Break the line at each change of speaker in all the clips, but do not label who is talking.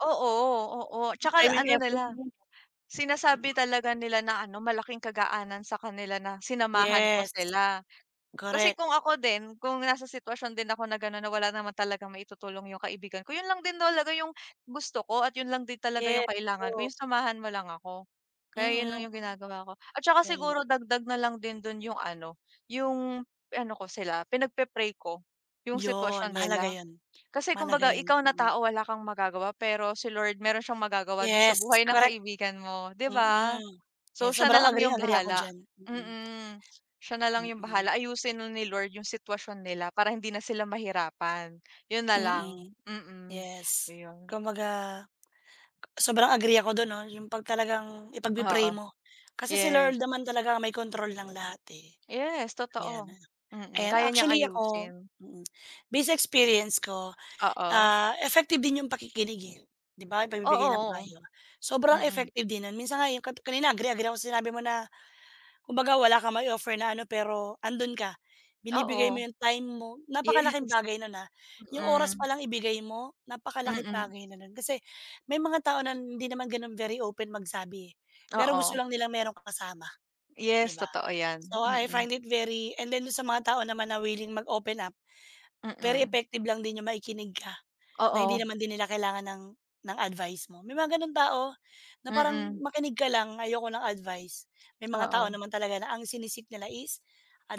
Oo, oo,
Yung
'tsaka
time and
ano
effort
nila
mo.
sinasabi talaga nila na ano malaking kagaanan sa kanila na sinamahan ko
Yes.
sila. Kasi
Korek.
kung ako din, kung nasa sitwasyon din ako na ganon, na wala naman talagang maitutulong yung kaibigan ko yun lang din talaga yung gusto ko at yun lang din talaga yung
Yes
kailangan ko
po.
yung samahan mo lang ako. Kaya yun
Mhm.
lang yung ginagawa ko at saka
Yan.
siguro dagdag na lang din dun yung ano, yung ano ko sila pinagpe-pray ko yung
Yun,
sitwasyon
mahalaga
nila.
yon
Kasi
mahalaga
kumbaga
yon.
ikaw na
Mm.
tao, wala kang magagawa pero si Lord meron siyang magagawa dun sa
Yes,
buhay ng
korek.
kaibigan mo 'di ba?
Mm.
So
Yan
siya na
sobrang
lang yung
agreeng-agree ako
bahala,
diyan, mm.
mm. Siya na lang yung
Mm.
bahala, aayusin nun ni Lord yung sitwasyon nila para hindi na sila mahirapan. Yun na lang,
Mm,
mm.
yes.
Ayun.
Kumbaga sobrang agree ako dun 'no, yung pag talagang ipag-pe-pray
Oo.
mo. Kasi si
Yes.
Lord naman talaga ang may kontrol ng lahat, eh,
Yes,
yan.
totoo. Mm,
Ayan
kaya niyang
actually ako
ayusin.
mm, base sa experience ko,
Oo.
ah, effective din yung pakikinig, eh, 'di ba
Oo,
pagbibigay ng
oo.
payo. Sobrang
Mm.
effective din nun, minsan nga yung kanina agreeng-agree ako sa sinabi mo na, kumbaga wala kang ma-i-offer na ano pero andun ka, binibigay
Oo.
mo yung time mo.
Yes.
Napakalaking bagay nun, ah, yung oras pa
Mm.
lang ibigay mo, napakalaking
Mm.
bagay na nun. Kasi may mga tao na hindi naman gano'n very open magsabi, eh, pero gusto
Oo.
lang nilang meron kang kasama 'di
Yes,
ba.
totoo yan.
So, I
Mm.
find it very and then dun sa mga tao naman na willing mag open up, very
Mm.
effective lang din yung makikinig ka, na hindi
Oo.
naman din nila kailangan ng ng advice mo. May mga ganong tao na parang,
Mm.
"Makinig ka lang, ayoko ng advice." May mga tao
Oo.
naman talaga na ang sini-seek nila is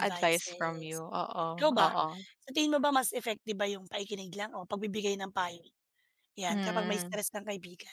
Advice from you. Oo,
Ikaw ba,
oo.
sa tingin mo ba mas effective ba yung pakikinig lang o pagbibigay ng payo? Yan, kapag may
Mm.
stress kang kaibigan.